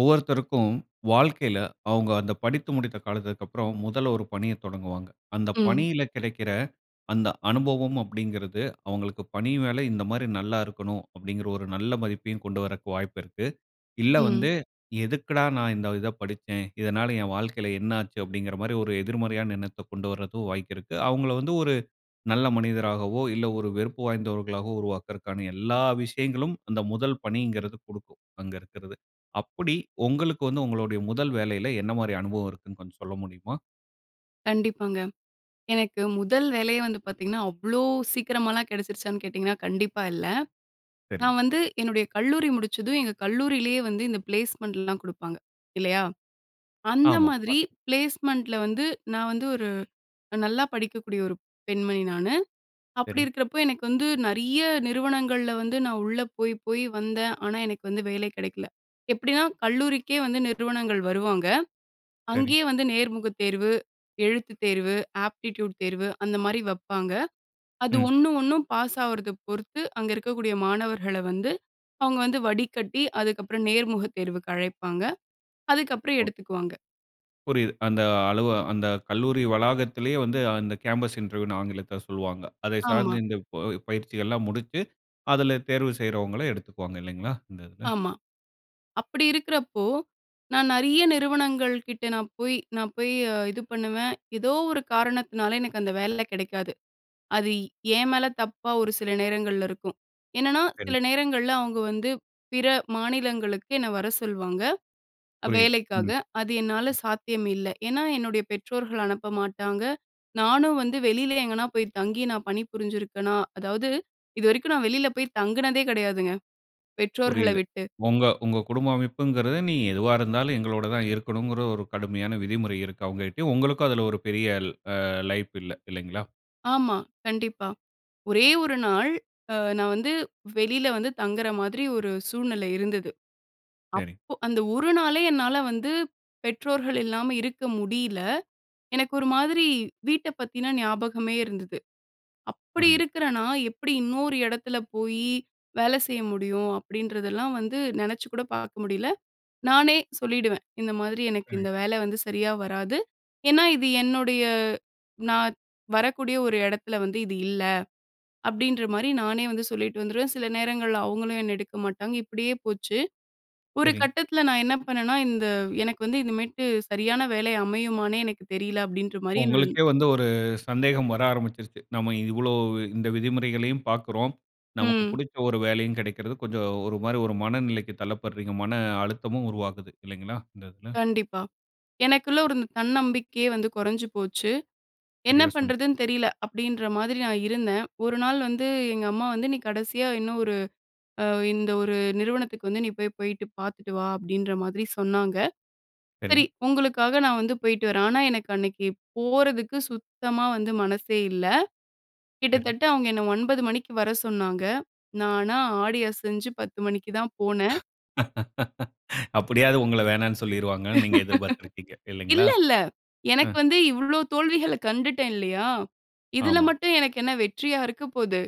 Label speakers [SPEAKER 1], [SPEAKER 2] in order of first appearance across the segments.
[SPEAKER 1] ஒவ்வொருத்தருக்கும் வாழ்க்கையில அவுங்க அந்த படித்து முடித்த காலத்திற்கு அப்பறம் முதல்ல ஒரு பணிய தொடங்குவாங்க. அந்த
[SPEAKER 2] ம்.
[SPEAKER 1] பணியில கெடைக்கிற அந்த அனுபவம் அப்பிடிங்கிறது. அவுங்களுக்கு பணி மேல இந்தமாரி நல்லா இருக்கணும் அப்பிடிங்கிற ஒரு நல்ல மதிப்பையும் கொண்டு வரக்கு வாய்ப்பு இருக்கு. இல்ல,
[SPEAKER 2] ம்.
[SPEAKER 1] வந்து எதுக்குடா! நான் இந்த இத படிச்சேன்? இதனால என் வாழ்க்கையில என்ன ஆச்சு? அப்பிடிங்கிற மாரி ஒரு எதிர்மறையான எண்ணத்த கொண்டுவர்றது வாய்ப்பு இருக்கு. அவங்கள வந்து ஒரு நல்ல மனிதராகவோ! இல்ல ஒரு வெறுப்பு வாய்ந்தவர்களாகவோ! உருவாக்கிறகான எல்லா விஷயங்களும் அந்த முதல் பணிங்கிறது குடுக்கும். அங்க இருக்கிறது. அப்பிடி உங்களுக்கு வந்து உங்களுடைய முதல் வேலையில என்னமாரி அனுபவம் இருக்குன்னு கொஞ்சம் சொல்ல முடியுமா?
[SPEAKER 2] கண்டிப்பாங்க. எனக்கு முதல் வேலையே வந்து பார்த்தீங்கன்னா, அவ்ளோ சீக்கிரமாலாம் கெடச்சிருச்சான்னு கேட்டிங்கனா கண்டிப்பா இல்ல.
[SPEAKER 1] சரி.
[SPEAKER 2] நான் வந்து என்னுடைய கல்லூரி முடிச்சதும் எங்க கல்லூரியிலேயே வந்து இந்த பிளேஸ்மெண்ட்லாம் குடுப்பாங்க இல்லயா! அந்த
[SPEAKER 1] ஆமா.
[SPEAKER 2] மாதிரி
[SPEAKER 1] [unintelligible]
[SPEAKER 2] பிளேஸ்மெண்ட்ல வந்து நான் வந்து ஒரு நல்லா படிக்கக்கூடிய ஒரு பெண்மணி நானு. அப்பிடி
[SPEAKER 1] சரி.
[SPEAKER 2] இருக்கிறப்போ, எனக்கு வந்து நெறைய நிறுவனங்கள்ல வந்து நான் உள்ள போய், போய் வந்தேன். ஆனா, எனக்கு வந்து வேலை கெடைக்கல. எப்பிடின்னா கல்லூரிக்கே வந்து நிறுவனங்கள் வருவாங்க.
[SPEAKER 1] சரி.
[SPEAKER 2] அங்கயே வந்து நேர்முகத் தேர்வு, எழுத்துத் தேர்வு, ஆப்டிட்யூட் தேர்வு அந்தமாரி வப்பாங்க. அது
[SPEAKER 1] ம்.
[SPEAKER 2] 1, 1 ம் பாஸ் ஆவுறத பொருத்து, அங்க இருக்கக்கூடிய மாணவர்கள வந்து அவுங்க வந்து வடிக்கட்டி அதுக்கப்புறம் நேர்முகத் தேர்வுக்கு அழைப்பாங்க. அதுக்கப்பறம்
[SPEAKER 1] [unintelligible]
[SPEAKER 2] எடுத்துக்குவாங்க.
[SPEAKER 1] புரியிது. அந்த அலு அந்த கல்லூரி வளாகத்திலேயே வந்து அந்த கேம்பஸ் இன்டர்வியூன்னு ஆங்கிலத்தில சொல்வாங்க. அதை
[SPEAKER 2] ஆமா.
[SPEAKER 1] சார்ந்து இந்த ப பயிற்சிகள்லாம் முடிச்சு அதில தேர்வு செய்றவங்கள எடுத்துக்குவாங்க இல்லைங்களா? இந்த இதுல.
[SPEAKER 2] ஆமா. அப்டி இருக்குறப்போ நான் நெறைய நிறுவனங்கள் கிட்ட நான் போய் நான் போய் இது பண்ணுவேன். ஏதோ ஒரு காரணத்தினால எனக்கு அந்த வேல கிடைக்காது. அது என் மேல தப்பா ஒரு சில நேரங்கள்ல இருக்கும். என்னன்னா,
[SPEAKER 1] சரி.
[SPEAKER 2] சில நேரங்கள்ல அவங்க வந்து பிற மாநிலங்களுக்கு என்ன வர சொல்வாங்க,
[SPEAKER 1] புரியுது, ம்,
[SPEAKER 2] வேலைக்காக அது என்னால
[SPEAKER 1] ம்.
[SPEAKER 2] சாத்தியம் இல்ல. ஏன்னா, என்னுடைய பெற்றோர்கள் அனுப்ப மாட்டாங்க. நானும் வந்து வெளியில எங்கேனா போய் தங்கி நான் பணிபுரிஞ்சிருக்கேனா? அதாவது இதுவரைக்கும் நான் வெளியில போய் தங்குனதே கிடையாதுங்க, பெற்றோர்கள
[SPEAKER 1] புரியிது.
[SPEAKER 2] விட்டு.
[SPEAKER 1] உங்க உங்க குடும்ப அமைப்புங்குறது நீ எதுவா இருந்தாலும் எங்களோட தான் இருக்கணும்ங்குற ஒரு கடுமையான விதிமுறை இருக்கு. அவங்கட்டியும் உங்களுக்கும் அதில ஒரு பெரிய ஆ ல லைஃப் இல்ல இல்லைங்களா?
[SPEAKER 2] ஆமா, கண்டிப்பா. ஒரே 1 நாள் அ நான் வந்து வெளில வந்து தங்குற மாதிரி ஒரு சூழ்நிலை இருந்தது.
[SPEAKER 1] சரி.
[SPEAKER 2] அப்போ அந்த 1 நாளே என்னால வந்து பெற்றோர்கள் இல்லாம இருக்க முடில. எனக்கு ஒரு மாதிரி வீட்டப் பத்தினா ஞாபகமே இருந்தது. அப்டி
[SPEAKER 1] புரியிது.
[SPEAKER 2] இருக்குற நான் எப்டி இன்னொரு இடத்துல போய் வேல செய்ய முடியும் அப்டின்றதெல்லாம் வந்து நெனச்சு கூட பார்க்க முடியல. நானே சொல்லிடுவேன் இந்த மாதிரி எனக்கு
[SPEAKER 1] ம்.
[SPEAKER 2] இந்த வேல வந்து சரியா வராது. ஏன்னா, இது என்னுடைய நான் வரக்கூடிய ஒரு இடத்துல வந்து இது இல்ல அப்டின்ற மாரி நானே வந்து சொல்லிட்டு வந்துருவேன். சில நேரங்கள்ல அவங்களும் என்னை எடுக்க மாட்டாங்க, இப்டியே போச்சு. ஒரு
[SPEAKER 1] சரி.
[SPEAKER 2] கட்டத்தில நான் என்ன பண்ணேன்னா, இந்த எனக்கு வந்து இதுமேட்டு சரியான வேலை அமையுமான்னே எனக்கு தெரியல அப்டின்ற மாரி என்னோட
[SPEAKER 1] உங்களுக்கே வந்து ஒரு சந்தேகம் வர ஆரம்பிருச்சு. நம்ம இவ்வளோ இந்த விதிமுறைகளையும் பார்க்குறோம். நமக்கு
[SPEAKER 2] ம்.
[SPEAKER 1] புடிச்ச 1 வேலையும் கிடைக்கிறது. கொஞ்சம் ஒரு மாரி ஒரு மனநிலைக்கு தள்ளப்படுறீங்க. மன அழுத்தமும் உருவாகுது. இல்லைங்களா? இந்த இதுல.
[SPEAKER 2] கண்டிப்பா. எனக்குள்ள இருந்த தன்னம்பிக்கையே வந்து கொறஞ்சு போச்சு. என்ன
[SPEAKER 1] சரியா சொன்னீங்க.
[SPEAKER 2] பண்ணுறதுன்னு தெரியல, அப்டின்ற மாதிரி நான் இருந்தேன். 1 நாள் வந்து எங்க அம்மா வந்து நீ கடைசியா இன்னும் ஒரு அ இந்த 1 நிறுவனத்துக்கு வந்து நீ போய் போயிட்டு பார்த்துட்டு வா அப்டின்ற மாதிரி சொன்னாங்க. சரி,
[SPEAKER 1] சரி.
[SPEAKER 2] உங்களுக்காக நான் வந்து போயிட்டு வரேன். ஆனா எனக்கு அன்னைக்கு போறதுக்கு சுத்தமா வந்து மனசே இல்ல.
[SPEAKER 1] சரி.
[SPEAKER 2] கிட்டத்தட்ட அவங்க என்னை 9:00 மணிக்கு வர சொன்னாங்க. நானா ஆடி அசஞ்சு 10:00 மணிக்கு தான் போனேன்.
[SPEAKER 1] அப்டியாவது உங்கள வேணான்னு சொல்லிருவாங்கன்னு நீங்க எதிர்பார்த்துருக்கிங்க. இல்லைங்களா?
[SPEAKER 2] இல்ல, இல்ல.
[SPEAKER 1] அ.
[SPEAKER 2] எனக்கு வந்து இவ்வளோ தோல்விகள கண்டுட்டேன் இல்லையா? இதில
[SPEAKER 1] ஆமா.
[SPEAKER 2] மட்டும் எனக்கு என்ன வெற்றியா இருக்க போது.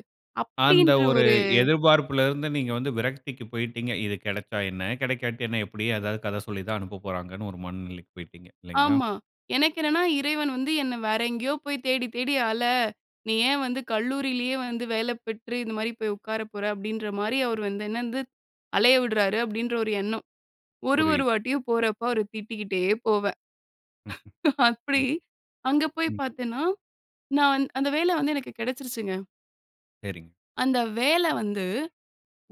[SPEAKER 1] அந்த
[SPEAKER 2] அப்டின்ற
[SPEAKER 1] ஒரு
[SPEAKER 2] ஒரு
[SPEAKER 1] எதிர்பார்ப்புல இருந்து நீங்க வந்து விரக்திக்கு போயிட்டீங்க. இது கிடைச்சா என்ன கிடைக்காட்டி என்ன எப்டிய ஏதாவது கத சொல்லி தான் அனுப்பப் போறாங்கன்னு ஒரு மனநிலைக்கு போயிட்டீங்க இல்லைங்களா?
[SPEAKER 2] ஆமா. எனக்கு என்னன்னா இறைவன் வந்து என்ன வேற எங்கேயோ போய் தேடி தேடி அல, நீ ஏன் வந்து கல்லூரியிலேயே வந்து வேல பெற்று இந்த மாரி போய் உட்கார போற அப்டின்ற மாரி அவர் வந்து என்ன வந்து அலைய விடுறாரு அப்டின்ற ஒரு எண்ணம். ஒரு ஒரு
[SPEAKER 1] புரியிது.
[SPEAKER 2] வாட்டியும் போறப்போ அவர திட்டிக்கிட்டே போவேன்.
[SPEAKER 1] ம்,
[SPEAKER 2] அப்டி
[SPEAKER 1] ம்,
[SPEAKER 2] அங்க போய்
[SPEAKER 1] ம் ம்.
[SPEAKER 2] பார்த்தேன்னா, நான் வந்து அந்த வேல வந்து எனக்கு கிடைச்சிருச்சுங்க.
[SPEAKER 1] சரிங்க.
[SPEAKER 2] அந்த வேல வந்து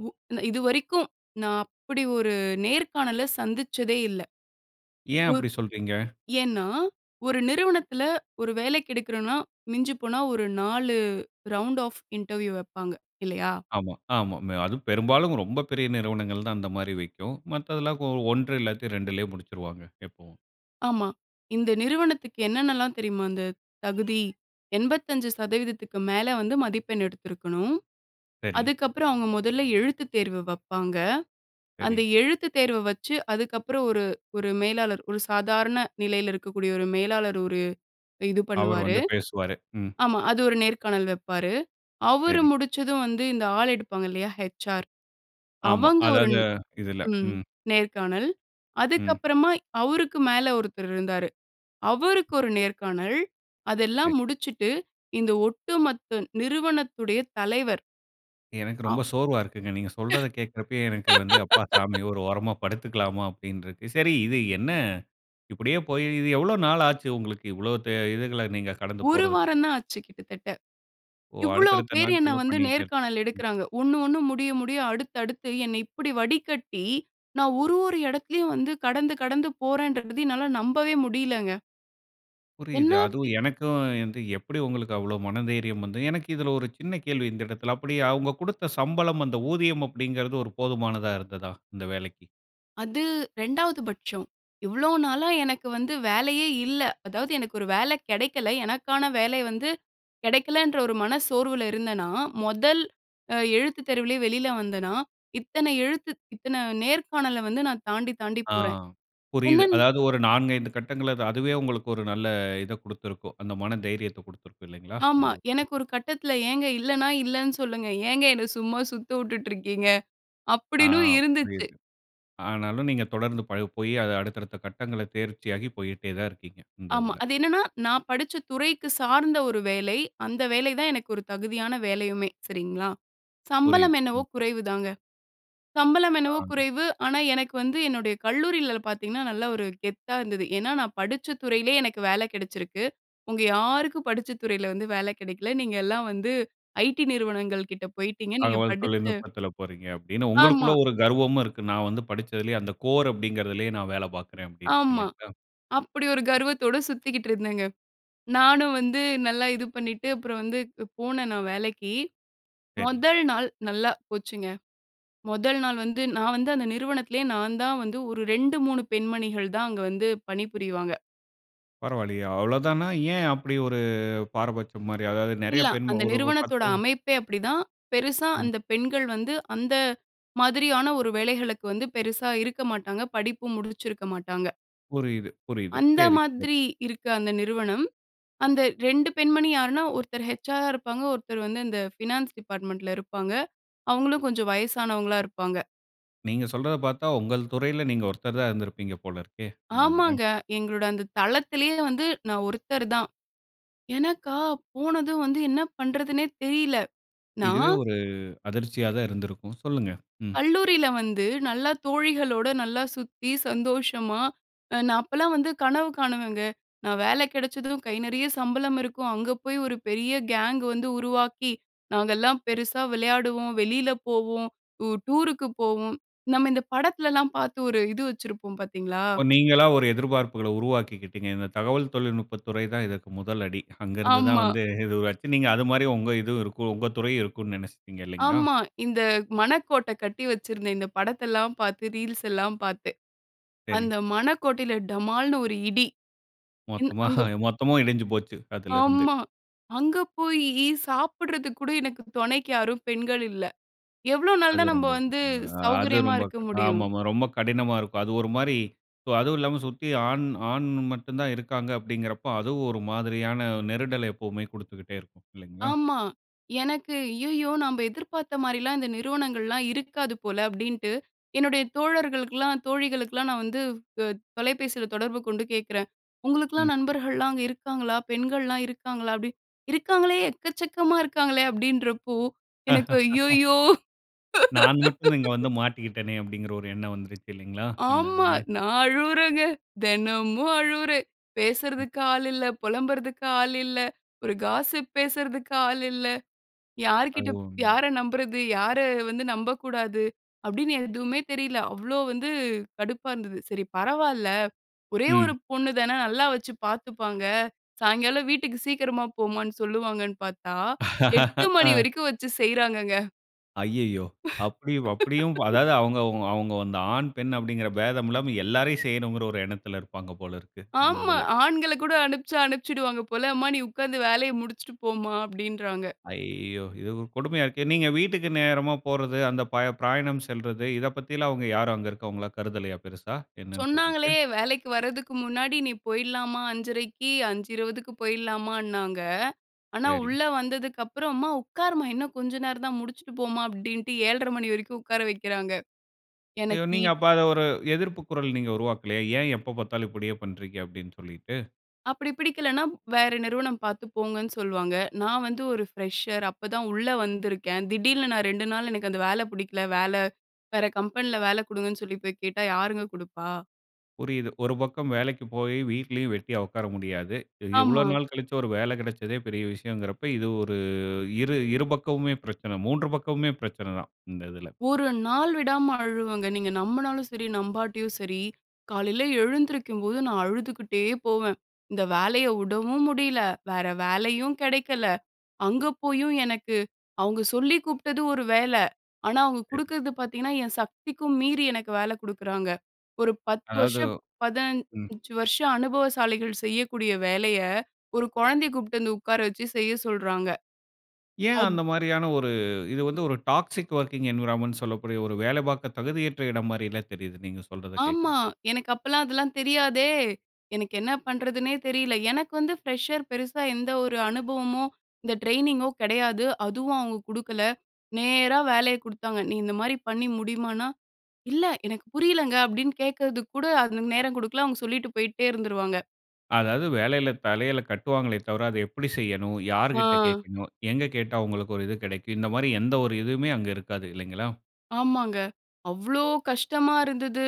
[SPEAKER 2] உ இதுவரைக்கும் நான் அப்படி ஒரு நேர்காணல சந்திச்சதே இல்ல!
[SPEAKER 1] ஏன்
[SPEAKER 2] ஓர்
[SPEAKER 1] அப்படி சொல்றீங்க?
[SPEAKER 2] ஏன்னா, ஒரு நிறுவனத்துல ஒரு வேலைக்கு எடுக்கிறோனா மிஞ்சிப் போனா ஒரு 4 ரவுண்ட் ஆஃப் இன்டர்வியூ வப்பாங்க இல்லையா?
[SPEAKER 1] ஆமா ஆமா. அதுவும் பெரும்பாலும் ரொம்ப பெரிய நிறுவனங்கள் தான் அந்த மாரி வைக்கும். மத்ததெல்லாம் 1 இல்லாட்டி 2லே முடிச்சிருவாங்க எப்பவும்.
[SPEAKER 2] ஆமா. இந்த நிறுவனத்துக்கு என்னென்னலாம் தெரியுமா இந்த தகுதி 85%க்கு மேல வந்து மதிப்பெண் எடுத்திருக்கணும்.
[SPEAKER 1] சரி.
[SPEAKER 2] அதுக்கப்புறம் அவங்க முதல்ல எழுத்துத் தேர்வு வப்பாங்க, அந்த
[SPEAKER 1] சரி.
[SPEAKER 2] எழுத்துத் தேர்வ வச்சு அதுக்கப்புறம் ஒரு ஒரு மேலாளர், ஒரு சாதாரண நிலையில இருக்கக்கூடிய ஒரு மேலாளர், ஒரு இது
[SPEAKER 1] அவரு
[SPEAKER 2] பண்ணுவாரு.
[SPEAKER 1] வந்து பேசுவாரு. ம்.
[SPEAKER 2] ஆமா, அது ஒரு நேர்காணல் வெப்பாரு. அவரு
[SPEAKER 1] சரி.
[SPEAKER 2] முடிச்சதும் வந்து இந்த ஆள் எடுப்பாங்க இல்லையா? ஹெச்ஆர்
[SPEAKER 1] ஆமா.
[SPEAKER 2] அவங்க ஒரு
[SPEAKER 1] அதாவது இதுல,
[SPEAKER 2] ம்
[SPEAKER 1] ம்.
[SPEAKER 2] நேர்காணல். அதுக்கு
[SPEAKER 1] ம்.
[SPEAKER 2] அப்புறமா அவருக்கு மேல ஒருத்தரு இருந்தாரு, அவருக்கு ஒரு நேர்காணல். அதெல்லாம்
[SPEAKER 1] சரி.
[SPEAKER 2] முடிச்சுட்டு இந்த ஒட்டுமொத்த நிறுவனத்துடைய தலைவர்.
[SPEAKER 1] எனக்கு
[SPEAKER 2] அ.
[SPEAKER 1] ரொம்ப சோர்வா இருக்குங்க. நீங்க சொல்றத கேட்கிறப்பயே எனக்கு வந்து, "அப்பா சாமி ஒரு ஓரமா படுத்துக்கலாமா" அப்படின்னு இருக்கு. சரி இது என்ன, இப்படியே போய், இது எவ்வளோ நாள் ஆச்சு? உங்களுக்கு இவ்வளோ த இதுகள நீங்க கடந்து
[SPEAKER 2] ஒரு
[SPEAKER 1] போறதுக்கு?
[SPEAKER 2] வாரம் தான் ஆச்சு கிட்டத்தட்ட,
[SPEAKER 1] ஓ,
[SPEAKER 2] இவ்ளோ
[SPEAKER 1] அடுத்தடுத்த
[SPEAKER 2] பேர் என்ன
[SPEAKER 1] நாட்கள்ல
[SPEAKER 2] வந்து
[SPEAKER 1] பண்ணிக்கிட்டே இருக்
[SPEAKER 2] நேர்காணல்
[SPEAKER 1] ம்.
[SPEAKER 2] எடுக்குறாங்க. ஒண்ணு ஒண்ணு முடிய முடிய அடுத்து அடுத்து என்ன இப்படி வடிக்கட்டி. நான் ஒரு ஒரு எடத்திலும் வந்து கடந்து கடந்து போறேன்றத என்னால நம்பவே முடியலங்க. என்ன?
[SPEAKER 1] புரியுது. அதுவும்
[SPEAKER 2] [unintelligible]
[SPEAKER 1] எனக்கும் வந்து எப்படி உங்களுக்கு அவ்வளோ மன தைரியம் வந்து எனக்கு இதில ஒரு சின்ன கேள்வி இந்த எடத்தில. அப்படி அவங்க குடுத்த சம்பளம் அந்த ஊதியம் அப்படிங்கிறது ஒரு போதுமானதா இருந்ததா இந்த வேலைக்கி?
[SPEAKER 2] அது ரெண்டாவது பட்சம். இவ்வளோ நாளா எனக்கு வந்து வேலையே இல்ல. அதாவது எனக்கு ஒரு வேலை கெடைக்கல, எனக்கான வேலை வந்து கெடைக்கலன்ற ஒரு மன சோர்வில இருந்தனா, மொதல் எழுத்துத் தேர்விலயே வெளியில வந்தேனா, இத்தன எழுத்து, இத்தன நேர்காணல வந்து நான் தாண்டி தாண்டி
[SPEAKER 1] ஆ,
[SPEAKER 2] போறேன்.
[SPEAKER 1] புரியுது.
[SPEAKER 2] என்னன்
[SPEAKER 1] அதாவது, ஒரு 4 5 கட்டங்கள்ல அதுவே உங்களுக்கு ஒரு நல்ல இத குடுத்திருக்கும். அந்த மன தைரியத்த குடுத்திருக்கும் இல்லைங்களா?
[SPEAKER 2] ஆமா,
[SPEAKER 1] அந்த
[SPEAKER 2] எனக்கு ஒரு கட்டத்துல, "ஏங்க இல்லன்னா இல்லன்னு சொல்லுங்க. ஏங்க என்ன சும்மா சுத்த வுட்டுட்டு இருக்கீங்க
[SPEAKER 1] ஆ,
[SPEAKER 2] அப்படின்னு இருந்துச்சு."
[SPEAKER 1] புரியுது. ஆனாலும் நீங்க தொடர்ந்து ப போய், அத அடுத்தடுத்த கட்டங்கள தேர்ச்சியாகி போயிட்டே தான் இருக்கீங்க. இந்த
[SPEAKER 2] ஆமா.
[SPEAKER 1] இதில.
[SPEAKER 2] அது என்னன்னா நான் படிச்ச துறைக்கு சார்ந்த ஒரு வேலை. அந்த வேலை தான் எனக்கு ஒரு தகுதியான வேலையுமே சரிங்களா?
[SPEAKER 1] புரியுது.
[SPEAKER 2] சம்பளம் என்னவோ
[SPEAKER 1] ம்.
[SPEAKER 2] குறைவுதாங்க. சம்பளம் என்னவோ
[SPEAKER 1] ஆ
[SPEAKER 2] குறைவு. ஆனா, எனக்கு வந்து என்னுடைய கல்லூரிலியல பார்த்தீங்கன்னா, நல்ல ஒரு கெத்தா இருந்தது. ஏனா, நான் படிச்ச துறையிலே எனக்கு வேல கெடச்சிருக்கு. உங்க யாருக்கும் படிச்ச துறையில வந்து வேல கெடைக்கல. நீங்கெல்லாம் வந்து ஐடி நிறுவனங்கள் கிட்ட போய்ட்டீங்க நீங்க
[SPEAKER 1] தகவல்
[SPEAKER 2] படித்த
[SPEAKER 1] தொழில்நுட்பத்தில போறீங்க அப்படின்னு உங்களுக்குள்ள
[SPEAKER 2] ஆமா.
[SPEAKER 1] ஒரு கர்வமும் இருக்கு. நான் வந்து படிச்சதிலேயே அந்த கோர் அப்படிங்கிறதிலே, நான் வேலை பார்க்கிறேன் அப்படின்னு
[SPEAKER 2] ஆமா
[SPEAKER 1] இல்லைங்களா?
[SPEAKER 2] அப்படி ஒரு கர்வத்தோடு சுத்திக்கிட்டு இருந்தேங்க. நானும் வந்து நல்லா இது பண்ணிட்டு அப்புறம் வந்து போனேன் நான் வேலைக்கி.
[SPEAKER 1] சரி.
[SPEAKER 2] முதல் நாள் நல்லா போச்சுங்க. முதல் நாள் வந்து, நான் வந்து அந்த நிறுவனத்திலே நான் தான் வந்து ஒரு 2 3 பெண்மணிகள் தான் அங்க வந்து பணிபுரிவாங்க.
[SPEAKER 1] பரவாயில்லையே அவ்வளவு தானா, ஏன் அப்டி ஒரு பாரபட்சம் மாரி? அதாவது நெறைய
[SPEAKER 2] இல்ல
[SPEAKER 1] பெண்
[SPEAKER 2] அந்த
[SPEAKER 1] ஒரு
[SPEAKER 2] நிறுவனத்தோட
[SPEAKER 1] 10
[SPEAKER 2] அமைப்பே அப்டிதான். பெருசா
[SPEAKER 1] ம்.
[SPEAKER 2] அந்த பெண்கள் வந்து, அந்த மாதிரியான ஒரு வேலைகளுக்கு வந்து பெருசா இருக்க மாட்டாங்க. படிப்பு முடிச்சிருக்க மாட்டாங்க.
[SPEAKER 1] புரியுது புரியுது.
[SPEAKER 2] அந்த
[SPEAKER 1] சரி சரி.
[SPEAKER 2] மாதிரி இருக்க அந்த நிறுவனம். அந்த 2 பெண்மணி யார்ன்னா ஒருத்தர் ஹெச்ஆர்ரா இருப்பாங்க. ஒருத்தர் வந்து இந்த ஃபினான்ஸ் டிபார்ட்மென்ட்ல இருப்பாங்க. அவுங்களும் கொஞ்சம் வயசானவங்களா இருப்பாங்க.
[SPEAKER 1] நீங்க சொல்றதப் பார்த்தா உங்கள் துறையில நீங்க ஒருத்தர் தான் இருந்திருப்பீங்க போல இருக்கே! அந்த இதுல.
[SPEAKER 2] ஆமாங்க. எங்களோட அந்த தளத்திலயே வந்து நான் ஒருத்தர் தான். எனக்கா போனதும் வந்து, என்ன பண்றதுன்னே தெரியல.
[SPEAKER 1] இதுவே
[SPEAKER 2] நான்
[SPEAKER 1] ஒரு அதிர்ச்சியா தான் இருந்திருக்கும். சொல்லுங்க, ம்.
[SPEAKER 2] கல்லூரியில வந்து நல்லா தோழிகளோட நல்லா சுத்தி சந்தோஷமா, நான் அப்பலாம் வந்து கனவு காணுவேங்க. நான் வேலை கெடைச்சதும் கை நெறைய சம்பளம் இருக்கும், அங்கே போய் ஒரு பெரிய கேங் வந்து உருவாக்கி, நாங்கெல்லாம் பெருசா விளையாடுவோம், வெளியில போவோம், டூருக்கு போவோம். நம்ம இந்த படத்துலலாம் பார்த்து ஒரு இது வச்சிருப்போம் பார்த்தீங்களா?
[SPEAKER 1] ஓ நீங்களா ஒரு எதிர்பார்ப்புகள உருவாக்கிக்கிட்டீங்க, இந்த தகவல் தொழில்நுட்ப துறை தான் இதற்கு முதல் அடி. அங்க இருந்து தான்
[SPEAKER 2] ஆமா.
[SPEAKER 1] வந்து இதுவாச்சு, அது மாதிரி உங்க இது இருக்கும், உங்க துறையும் இருக்கும்னு நெனைச்சுட்டீங்க இல்லிங்களா?
[SPEAKER 2] ஆமா இந்த மணக்கோட்டை கட்டி வச்சிருந்தேன். இந்த படத்த எல்லாம் பார்த்து, ரீல்ஸ் எல்லாம் பார்த்து,
[SPEAKER 1] சரி.
[SPEAKER 2] அந்த மணக்கோட்டையில டமால்னு ஒரு இடி. ன்
[SPEAKER 1] மொத்தமா
[SPEAKER 2] அங்க
[SPEAKER 1] மொத்தமும் இடிஞ்சு போச்சு அதுல இருந்து.
[SPEAKER 2] ஆமா. அங்க போய் சாப்பிட்றதுக்கு கூட எனக்கு தொணைக்கு யாரும் பெண்கள் இல்ல. எவ்ளோ நாள்
[SPEAKER 1] அது
[SPEAKER 2] தான் நம்ம
[SPEAKER 1] ரொம்ப
[SPEAKER 2] வந்து
[SPEAKER 1] ஆ அது
[SPEAKER 2] சௌகரியமா
[SPEAKER 1] ரொம்ப
[SPEAKER 2] இருக்க முடியும்!
[SPEAKER 1] ஆமா ஆமா ரொம்ப கடினமா இருக்கும். அது ஒரு மாரி அதுவும் இல்லாம சுத்தி ஆண் ஆண் மட்டும் தான் இருக்காங்க அப்டிங்கிறப்ப, அதுவும் ஒரு மாதிரியான நெருடல் எப்போவுமே குடுத்துக்கிட்டே இருக்கும் இல்லைங்களா?
[SPEAKER 2] ஆமா எனக்கு, ஐய்யயோ நம்ப எதிர்பார்த்த மாதிரிலாம் இந்த நிறுவனங்கள்லாம் இருக்காது போல அப்படின்ட்டு. என்னுடைய தோழர்களுக்கெல்லாம், தோழிகளுக்கெல்லாம் நான் வந்து அ தொலைபேசியில தொடர்பு கொண்டு கேட்குறேன்,
[SPEAKER 1] ம்.
[SPEAKER 2] "உங்களுக்கெல்லாம் நண்பர்கள்லாம் அங்க இருக்காங்களா, பெண்கள்லாம் இருக்காங்களா?" அப்டி "இருக்காங்களே, எக்கச்சக்கமா இருக்காங்களே!" அப்டின்றப்போ, எனக்கு ஐய்யயோ!
[SPEAKER 1] நான் மட்டும் இங்கே வந்து மாட்டிக்கிட்டேனே அப்படிங்கிற ஒரு எண்ணம் வந்துருச்சு இல்லைங்களா? இந்த
[SPEAKER 2] ஆமா,
[SPEAKER 1] இதுல.
[SPEAKER 2] நான் அழுவுறேங்க, தெனமும் அழுவுறேன். பேசுறதுக்கு ஆள் இல்ல, புலம்புறதுக்கு ஆள் இல்ல, ஒரு காஸ்ஸிப் பேசுறதுக்கு ஆள் இல்ல. யார்கிட்ட
[SPEAKER 1] அது ஒண்ணு.
[SPEAKER 2] யார நம்புறது, யார வந்து நம்பக்கூடாது? அப்டின்னு எதுவுமே தெரியல. அவ்ளோ வந்து கடுப்பா இருந்தது. சரி பரவால்ல. ஒரே ஒரு
[SPEAKER 1] ம்.
[SPEAKER 2] பொண்ணு தான, நல்லா வச்சு பார்த்துப்பாங்க. சாயங்காலம் வீட்டுக்கு சீக்கிரமா போமான்னு சொல்லுவாங்கன்னு பார்த்தா, 8 மணி
[SPEAKER 1] அ.
[SPEAKER 2] வரைக்கும் வச்சு செய்றாங்கங்க.
[SPEAKER 1] ஐய்யயோ! அப்டியு அப்டியும் அதாவது அவங்க அவங்க அவங்கவந்த ஆண், பெண் அப்டின்கிற பேதம் இல்லாம, எல்லாரையும் செய்யணுங்கிற ஒரு எண்ணத்தில இருப்பாங்க போல இருக்கு. இந்த
[SPEAKER 2] ஆமா.
[SPEAKER 1] இதில.
[SPEAKER 2] ஆண்கள கூட அனுப்ச்சு அனுப்ச்சுடுவாங்க போல, அம்மா நீ உட்கார்ந்து வேலைய முடிச்சுட்டு போம்மா அப்டின்றாங்க.
[SPEAKER 1] ஐயோ! இது ஒரு கொடுமையா இருக்கே. நீங்க வீட்டுக்கு நேரமா போறது, அந்த பய பிராயணம் செல்றது, இத பத்தில்லாம் அவங்க யாரும் அங்கே இருக்கிறவங்கல்லாம் கருதலையா? பெரிசா என்னன்னு
[SPEAKER 2] சொன்னாங்களே
[SPEAKER 1] சொல்லிட்டு?
[SPEAKER 2] வேலைக்கு வர்றதுக்கு முன்னாடி நீ போயிர்லாமா 5:30க்கி, 5:20க்கு போய்ரலாமான்னாங்க. ஆனா
[SPEAKER 1] சரி.
[SPEAKER 2] உள்ள வந்ததுக்கு அப்புறம் அம்மா உக்காரும்மா, இன்னும் கொஞ்சம் நேரம் தான் முடிச்சிட்டு போம்மா அப்டின்டு 7:30 வரைக்கும் உட்கார வைக்கிறாங்க.
[SPEAKER 1] இது
[SPEAKER 2] எனக்கி
[SPEAKER 1] நீங்க அப்ப அத ஒரு எதிர்ப்பு குரல் நீங்க உருவாக்கலையா? ஏன் எப்ப பார்த்தாலும் இப்டியே பண்றீங்க, அப்டின்னு சொல்லிட்டு.
[SPEAKER 2] அப்டி பிடிக்கலன்னா வேற நிறுவனம் பார்த்து போங்கன்னு சொல்லுவாங்க. நான் வந்து ஒரு ஃப்ரெஷர். அப்ப தான் உள்ள வந்திருக்கேன். திடீல்னு நான் 2 நாள் எனக்கு அந்த வேல பிடிக்கல. வேல வேற கம்பெனில வேலை குடுங்கன்னு சொல்லி போய் கேட்டா யாருங்க குடுப்பா?
[SPEAKER 1] புரிது. ஒரு பக்கம் வேலைக்கு போய் வீட்லேயும் வெட்டியா உட்கார முடியாது.
[SPEAKER 2] ஆமா.
[SPEAKER 1] இவ்வளவு நாள் கழிச்சு ஒரு வேலை கெடைச்சதே பெரிய விஷயம்ங்கிறப்ப இது ஒரு இரு இரு பக்கமுமே பிரச்சனை, 3 பக்கமுமே பிரச்சனை தான் இந்த இதில.
[SPEAKER 2] ஒரு நாள் விடாம அழுவேங்க. நீங்க நம்புனாலும் சரி, நம்பாட்டயும் சரி. காலைல எழுந்திரிக்கும் போது நான் அழுதுகிட்டே போவேன். இந்த வேலைய விடவும் முடியல. வேற வேலையும் கெடைக்கல. அங்க போயும் எனக்கு, அவங்க சொல்லி கூப்பிட்டது ஒரு வேல. ஆனா, அவங்க
[SPEAKER 1] சரி.
[SPEAKER 2] குடுக்குறது பாத்தீங்கன்னா, என் சக்திக்கும் மீறி எனக்கு வேலை குடுக்குறாங்க. ஒரு 10
[SPEAKER 1] அதாவது
[SPEAKER 2] வருஷம்
[SPEAKER 1] ம்.
[SPEAKER 2] 15 வருஷம் அனுபவசாலிகள் செய்யக்கூடிய வேலைய, ஒரு குழந்தைய கூப்பிட்டு வந்து உட்கார வச்சு செய்ய சொல்றாங்க.
[SPEAKER 1] ஏன்
[SPEAKER 2] அஃ
[SPEAKER 1] அந்த மாரியான ஒரு, இது வந்து ஒரு டாக்ஸிக் வொர்க்கிங் என்வைரான்மென்ட்ன்னு சொல்லக்கூடிய ஒரு வேலை பார்க்க தகுதியற்ற இடம் மாரில்ல தெரியுது. நீங்க சொல்றத
[SPEAKER 2] ஆமா.
[SPEAKER 1] கேட்கிறப்போ.
[SPEAKER 2] எனக்கு அப்பலாம் அதெல்லாம் தெரியாதே, எனக்கு என்ன பண்ணுறதுன்னே தெரியல. எனக்கு வந்து ஃப்ரெஷர். பெருசா எந்த ஒரு அனுபவமும் இந்த ட்ரெய்னிங்கோ கெடையாது. அதுவும் அவங்க குடுக்கல, நேரா வேலைய குடுத்தாங்க. நீ இந்த மாரி பண்ணி முடிமான்னா, இல்ல எனக்கு புரியலங்க அப்டின்னு கேட்கிறதுக்கு கூட, அது நேரம் கொடுக்கல அவங்க சொல்லிட்டு போயிட்டே இருந்துருவாங்க.
[SPEAKER 1] அதாது வேலையில தலையில கட்டுவாங்களே தவிர, அதை எப்படி செய்யனும்? யார்கிட்டட
[SPEAKER 2] ஆ.
[SPEAKER 1] கேட்கனும்? எங்க கேட்டா உங்களுக்கு ஒரு இது கிடைக்கும்? இந்த மாரி எந்த ஒரு இதுவுமே அங்க இருக்காது இல்லைங்களா?
[SPEAKER 2] ஆமாங்க, அவ்ளோ கஷ்டமா இருந்தது.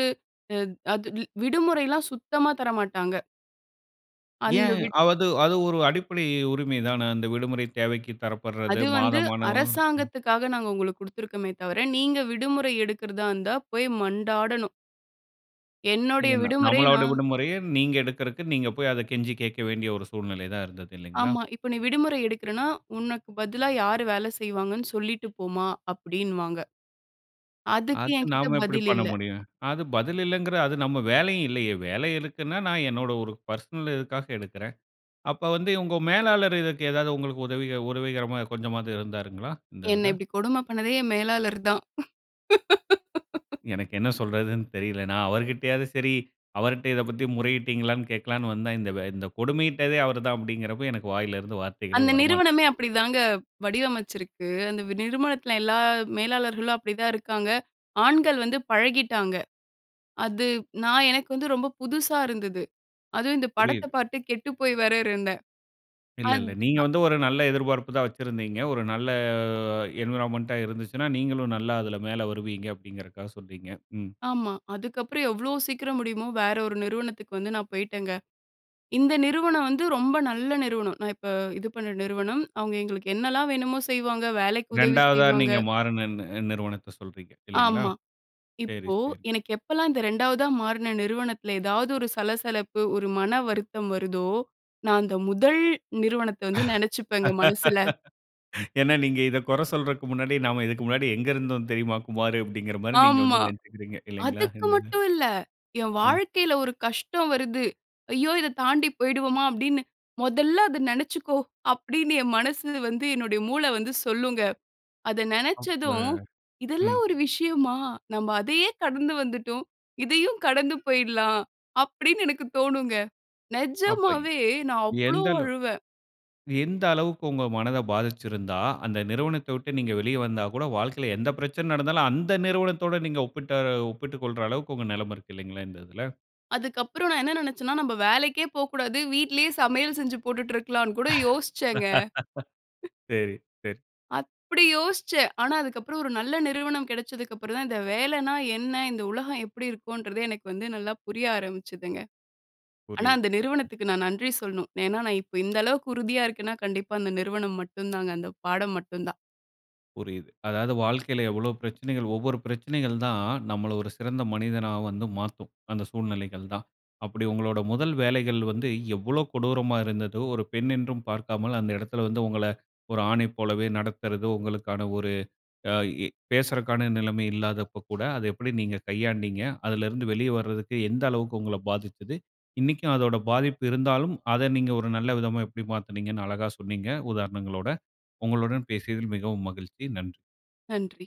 [SPEAKER 2] அ அத் விடுமுறைல்லாம் சுத்தமா தர மாட்டாங்க. அந்த
[SPEAKER 1] ஏன்
[SPEAKER 2] விட்
[SPEAKER 1] அவது அது ஒரு அடிப்படை உரிமை தான, அந்த விடுமுறை தேவைக்கு தரப்படுறது
[SPEAKER 2] அது வந்து
[SPEAKER 1] மாதமான, ம்.
[SPEAKER 2] அரசாங்கத்துக்காக நாங்க உங்களுக்கு குடுத்துருக்கோமே தவிர, நீங்க விடுமுறை எடுக்கறதா இருந்தா போய் மண்டாடனும். என்னுடைய
[SPEAKER 1] இதென்ன,
[SPEAKER 2] விடுமுறை
[SPEAKER 1] நம்மளோட
[SPEAKER 2] நான்
[SPEAKER 1] விடுமுறையை, நீங்க எடுக்கறற்கு நீங்க போய் அதை கெஞ்சி கேட்க வேண்டிய ஒரு சூழ்நிலை தான் இருந்தது இல்லைங்களா?
[SPEAKER 2] ஆமா. "இப்ப நீ விடுமுறை எடுக்குறேன்னா, உனக்கு பதிலா யாரு வேலை செய்வாங்கன்னு சொல்லிட்டு போமா," அப்படின்னுவாங்க. அதுக்கு
[SPEAKER 1] அது
[SPEAKER 2] என்கிட்ட
[SPEAKER 1] நாம எப்படி
[SPEAKER 2] பதில்
[SPEAKER 1] பண்ண
[SPEAKER 2] இல்ல.
[SPEAKER 1] முடியும்? அது பதில் இல்லங்கிற அது நம்ம வேலையும் இல்லையே. வேலை இருக்குனா, நான் என்னோட ஒரு பெர்சனல் இதுக்காக எடுக்குறேன். அப்போ வந்து உங்க மேலாளர் இதுக்கு ஏதாது உங்களுக்கு உதவிக உரவிகரமா கொஞ்சமாது இருந்தாருங்களா? இந்த
[SPEAKER 2] என்ன
[SPEAKER 1] இதுல?
[SPEAKER 2] இப்டி கொடுமை பண்ணதே என் மேலாளர் தான்.
[SPEAKER 1] எனக்கு என்ன சொல்றதுனு தெரியல. நான் அவர்கிட்டயாது சரி, அவர்ட்ட இதை பத்தி முறையிட்டீங்களானு கேட்கலானு வந்தே, இந்த வ் இந்த கொடுமையிட்டதே அவர் தான் அப்படிங்கிறப்போ, எனக்கு வாயில இருந்து வார்த்தைகளே
[SPEAKER 2] அந்த நிறுவனமே
[SPEAKER 1] வரமாட்டுது.
[SPEAKER 2] அப்படி தாங்க வடிவமைச்சிருக்கு, அந்த நிறுவனத்தில எல்லா மேலாளர்களும் அப்படி தான் இருக்காங்க. ஆண்கள் வந்து பழகிட்டாங்க. அது நான் எனக்கு வந்து ரொம்ப புதுசா இருந்தது. அதும் இந்த படத்தை
[SPEAKER 1] புரியுது.
[SPEAKER 2] பார்த்து கெட்டுப்போய் வேற இருந்தேன்.
[SPEAKER 1] இல்ல,
[SPEAKER 2] அத்
[SPEAKER 1] இல்ல, நீங்க
[SPEAKER 2] ஆ.
[SPEAKER 1] வந்து ஒரு நல்ல எதிர்பார்ப்பு தான் வச்சிருந்தீங்க, ஒரு நல்ல என்வைரன்மென்ட்டா இருந்துச்சுனா, நீங்களும் நல்லா அதில மேலே வருவீங்க அப்படிங்கிதற்காக சொல்றீங்க. ம்.
[SPEAKER 2] ஆமா. அதுக்கப்புறம் எவ்ளோ சீக்கிரம் முடியுமோ வேறு ஒரு நிறுவனத்துக்கு வந்து நான் போய்ட்டேங்க. இந்த நிறுவனம் வந்து ரொம்ப நல்ல நிறுவனம், நான் இப்ப இது பண்ண நிறுவனம், அவங்க எங்களுக்கு என்னலாம் வேணுமோ செய்வாங்க, வேலைக்கு உதவி
[SPEAKER 1] 2 வதா
[SPEAKER 2] செய்வாங்க.
[SPEAKER 1] நீங்க மாறுன நி நிறுவனத்தை சொல்றீங்க, இல்லிங்களா?
[SPEAKER 2] ஆமா.
[SPEAKER 1] செரி
[SPEAKER 2] இப்போ
[SPEAKER 1] செரி.
[SPEAKER 2] எனக்கு எப்போலாம் இந்த 2வதா மாறுன நிறுவனத்தில ஏதாவது ஒரு சலசலப்பு ஒரு மன வருத்தம் வருதோ, நான் அந்த 1 நிறுவனத்தை வந்து நினைச்சுப்பேங்க மனசில.
[SPEAKER 1] ஏனா நீங்க இத குறை சொல்றதற்கு முன்னாடி, நாம இதுக்கு முன்னாடி எங்கு இருந்தோம் தெரியுமா குமாரு? அப்படிங்கிற மாரி நீங்க
[SPEAKER 2] ஆமா,
[SPEAKER 1] வந்து நினைச்சுகிறீங்க. இல்லைங்களா?
[SPEAKER 2] அதுக்கு
[SPEAKER 1] இல்லனா?
[SPEAKER 2] மட்டும் இல்ல, என்
[SPEAKER 1] அ.
[SPEAKER 2] வாழ்க்கையில ஒரு கஷ்டம் வருது, "ஐயோ இத தாண்டி போயிடுவோமா?" அப்படின்னு "முதல்ல அதை நினைச்சுக்கோ," அப்படின்னு என் மனசு வந்து என்னுடைய மூளை வந்து சொல்லுங்க. அத
[SPEAKER 1] அப்ப
[SPEAKER 2] நினைச்சதும்,
[SPEAKER 1] ம்.
[SPEAKER 2] "இதெல்லாம் ஒரு விஷயமா, நம்ப அதையே கடந்து வந்துட்டோம். இதையும் கடந்து போயிடலாம்." அப்படின்னு எனக்கு தோணுங்க.
[SPEAKER 1] அப்ப
[SPEAKER 2] நெஜமாவே நான் அவ்ளோ
[SPEAKER 1] எந்தளவ்
[SPEAKER 2] அழுவேன்.
[SPEAKER 1] எந்த அளவுக்கு உங்க மனதை பாதிச்சிருந்தா, அந்த நிறுவனத்தை விட்டு நீங்க வெளியே வந்தா கூட, வாழ்க்கையில எந்த பிரச்சனை நடந்தாலும், அந்த நிறுவனத்தோடு நீங்க ஒப்பிட்ட ஒப்பிட்டுக் கொள்ற அளவுக்கு உங்க நிலைமை இருக்கு இல்லைங்களா இந்த இதுல?
[SPEAKER 2] அதுக்கு அப்புறம் நான் என்ன நினைச்சேன்னா, "நம்ப வேலைக்கே போ கூடாது, வீட்லயே சமையல் செஞ்சு போட்டுட்டு இருக்கலானு." கூட யோசிச்சேங்க.
[SPEAKER 1] சேரி சேரி.
[SPEAKER 2] அப்படி யோசிச்சேன். ஆனா அதுக்கு அப்புறம் ஒரு நல்ல நிறுவனம் கிடைச்சதுக்கு அப்புறம் தான் இந்த வேலைனா என்ன? இந்த உலகம் எப்படி இருக்கும்ன்றதே எனக்கு வந்து நல்லா புரிய ஆரம்பிச்சதுங்க. ஆனா
[SPEAKER 1] புரியுது
[SPEAKER 2] அந்த நிறுவனத்துக்கு நான் நன்றி சொல்லணும். ஏன்னா நான் இப்ப இந்த அளவுக்கு உறுதியா இருக்கேன்னா, கண்டிப்பா அந்த நிறுவனம் மட்டும் தாங்க, அந்த பாடம் மட்டும் தான்.
[SPEAKER 1] புரியுது, அதாது வாழ்க்கையில எவ்வளோ பிரச்சனைகள் ஒவ்வொரு பிரச்சனைகள் தான், நம்மள ஒரு சிறந்த மனிதனா வந்து மாத்தும், அந்த சூழ்நிலைகள் தான். அப்படி உங்களுடைய முதல் வேலைகள் வந்து எவ்வளோ கொடூரமா இருந்ததோ! ஒரு பெண் என்றும் பார்க்காமல், அந்த இடத்தில வந்து உங்களை, ஒரு ஆணை போலவே நடத்துறது உங்களுக்கான ஒரு ஆ, பேசுறக்கான நிலைமை இல்லாதப்ப கூட அதை எப்படி நீங்க கையாண்டீங்க, அதிலிருந்து வெளியே வரதுக்கு எந்த அளவுக்கு உங்களை பாதிச்சிது, இன்னைக்கும் அதோட பாதிப்பு இருந்தாலும் அத நீங்க ஒரு நல்ல விதமா எப்படி மாத்தினீங்கன்னு அழகா சொன்னீங்க உதாரணங்களோட, உங்களுடன் பேசியதில் மிகவும் மகிழ்ச்சி நன்றி.
[SPEAKER 2] நன்றி.